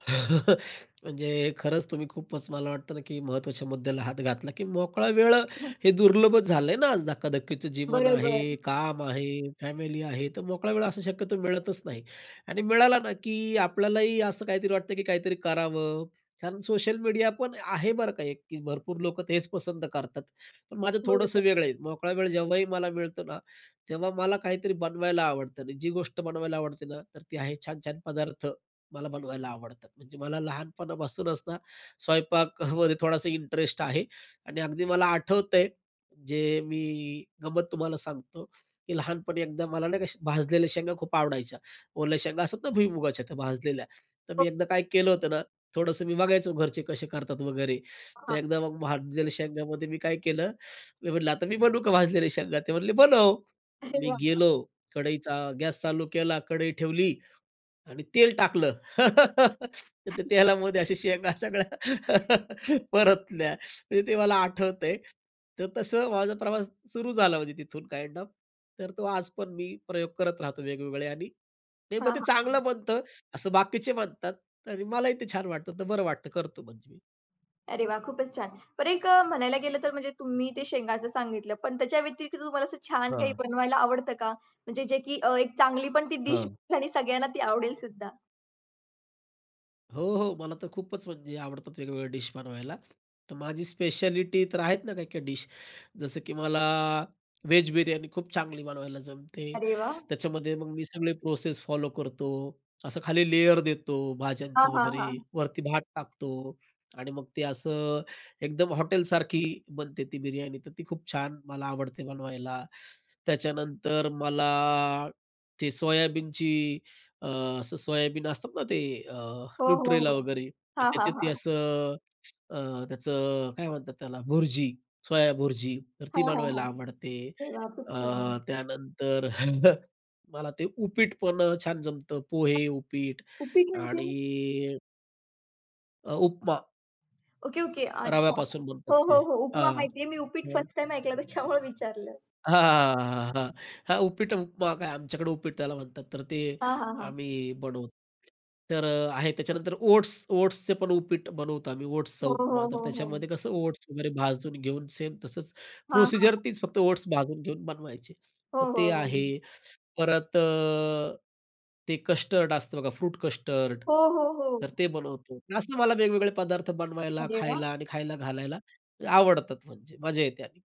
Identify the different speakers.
Speaker 1: म्हणजे खरंच तुम्ही खूपच मला वाटतं ना, की महत्त्वाच्या मुद्द्याला हात घातला, की मोकळा वेळ अ, हे दुर्लभच झालंय ना, आज धकाधकीचं जीवन
Speaker 2: बरोबर.
Speaker 1: आहे, काम आहे, फॅमिली आहे, तर मोकळा वेळ असं शक्यतो मिळतच नाही आणि मिळाला ना, की अ, आपल्यालाही असं काहीतरी वाटतं, की काहीतरी करावं कारण सोशल मीडिया पण आहे बरं का एक ते भरपूर लोकं तेच पसंत करतात. पण माझं थोडंसं
Speaker 2: बरोबर.
Speaker 1: वेगळं आहे. मोकळा वेळ जेव्हाही मला मिळतो ना, तेव्हा मला काहीतरी बनवायला आवडतं आणि जी गोष्ट बनवायला आवडते ना तर ती आहे छान-छान पदार्थ. मला बनवायला आवडतात. म्हणजे मला लहानपणापासूनच ना, स्वयंपाकामध्ये थोडासा इंटरेस्ट आहे आणि अगदी मला आठवतंय, जे मी अ, गंमत तुम्हाला सांगतो, की लहानपणी एकदा मला नाही का भाजलेल्या शेंगा खूप आवडायच्या, ओल्या शेंगा असतात ना भुईमुगाच्या त्या भाजलेल्या, तर
Speaker 2: हो.
Speaker 1: मी एकदा काय केलं होतं ना, थोडंसं मी बघायचं घरचे कसे करतात वगैरे, तर
Speaker 2: हां.
Speaker 1: एकदा मग भाजलेल्या शेंगामध्ये मी काय केलं, मी म्हंटलं, "आता मी बनवू का भाजलेले शेंगा?" ते म्हणले, "बनव."
Speaker 2: अरे
Speaker 1: मी
Speaker 2: वा!
Speaker 1: गेलो.
Speaker 2: छान.
Speaker 1: कढईचा गॅस चालू केला, कढई ठेवली आणि तेल टाकलं. तर त्या तेलामध्ये अशा शेंगा सगळ्या परतल्या. म्हणजे ते मला आठवतंय तर तसं माझा प्रवास सुरू झाला म्हणजे तिथून काइंड ऑफ. तर तो आज पण मी प्रयोग करत राहतो वेगवेगळे आणि
Speaker 2: हां,
Speaker 1: नेमकं ते
Speaker 2: हां, हां.
Speaker 1: चांगलं बनतं असं बाकीचे म्हणतात आणि मलाही ते छान वाटतं, तर बरं वाटतं करतो म्हणजे मी.
Speaker 2: अरे वाह! खूपच छान. बर एक अ, म्हणायला गेलं तर म्हणजे तुम्ही ते शेंगाचं सांगितलं, पण त्याच्या व्यतिरिक्त तुम्हाला असं छान काही
Speaker 1: हां.
Speaker 2: बनवायला आवडतं का? म्हणजे जे, की अ, एक चांगली पण ती डिश
Speaker 1: हं.
Speaker 2: आणि सगळ्यांना ती आवडेलसुद्धा.
Speaker 1: हो, हो. मला तर खूपच म्हणजे आवडतात वेगवेगळ्या डिश बनवायला. तर माझी स्पेशलिटी तर आहेत ना, काही-काही डिश जसं, की मला व्हेज बिर्याणी खूप चांगली बनवायला जमते.
Speaker 2: अरे वाह!
Speaker 1: त्याच्यामध्ये मग मी सगळी प्रोसेस फॉलो करतो, असं खाली लेयर देतो
Speaker 2: हां,
Speaker 1: भाज्यांचं
Speaker 2: हां, हां.
Speaker 1: वगैरे, वरती भात टाकतो आणि मग ते असं एकदम हॉटेलसारखी बनते ती बिर्याणी, तर ती खूप छान मला आवडते बनवायला. त्याच्यानंतर मला ते सोयाबीनची अ, असं सोयाबीन असतात ना, ते अ,
Speaker 2: हो, हो,
Speaker 1: न्यूट्रेला,
Speaker 2: हो.
Speaker 1: वगैरे, तर
Speaker 2: हां, हां,
Speaker 1: त्याच्यात ती
Speaker 2: हां.
Speaker 1: असं अ, त्याचं अ, काय म्हणतात त्याला भुर्जी, सोयाभुर्जी तर
Speaker 2: हां,
Speaker 1: ती
Speaker 2: हां,
Speaker 1: बनवायला
Speaker 2: हां.
Speaker 1: आवडते.
Speaker 2: अरे वा! खूप
Speaker 1: अ,
Speaker 2: छान.
Speaker 1: त्यानंतर मला ते उपीट पण अ, छान जमतं, पोहे, उपीट
Speaker 2: उपीट म्हणजे?
Speaker 1: आणि अ, उपमा.
Speaker 2: Okay, okay. अच्छा,
Speaker 1: रव्यापासून बनतात
Speaker 2: हो, हो,
Speaker 1: ते.
Speaker 2: हो. उपमा
Speaker 1: हां,
Speaker 2: माहितीये. मी उपीट
Speaker 1: अ
Speaker 2: फर्स्ट टाईम ऐकलं त्याच्यामुळे विचारलं.
Speaker 1: हां, हां, हां, हां, हां. उपीट, उपमा काय आमच्याकडे उपीट त्याला म्हणतात, तर ते
Speaker 2: हां, हां, हां.
Speaker 1: आम्ही बनवतो. तर अ, आहे. त्याच्यानंतर ओट्स ओट्सचे पण उपीट बनवतो आम्ही, ओट्सचा
Speaker 2: हो, हो,
Speaker 1: उपमा, तर
Speaker 2: हो, हो.
Speaker 1: त्याच्यामध्ये कसं ओट्स वगैरे भाजून घेऊन सेम तसंच,
Speaker 2: हां,
Speaker 1: प्रोसिजर
Speaker 2: हां.
Speaker 1: तेच, फक्त ओट्स भाजून घेऊन बनवायची.
Speaker 2: हो,
Speaker 1: तर ते
Speaker 2: हो,
Speaker 1: आहे.
Speaker 2: हो.
Speaker 1: परत अ, ते कस्टर्ड असतं बघा, फ्रूट कस्टर्ड
Speaker 2: हो, हो,
Speaker 1: तर
Speaker 2: हो.
Speaker 1: ते बनवतो. असं मला वेगवेगळे पदार्थ बनवायला,
Speaker 2: अरे वा!
Speaker 1: खायला आणि खायला घालायला आवडतात म्हणजे मजा येते आणि.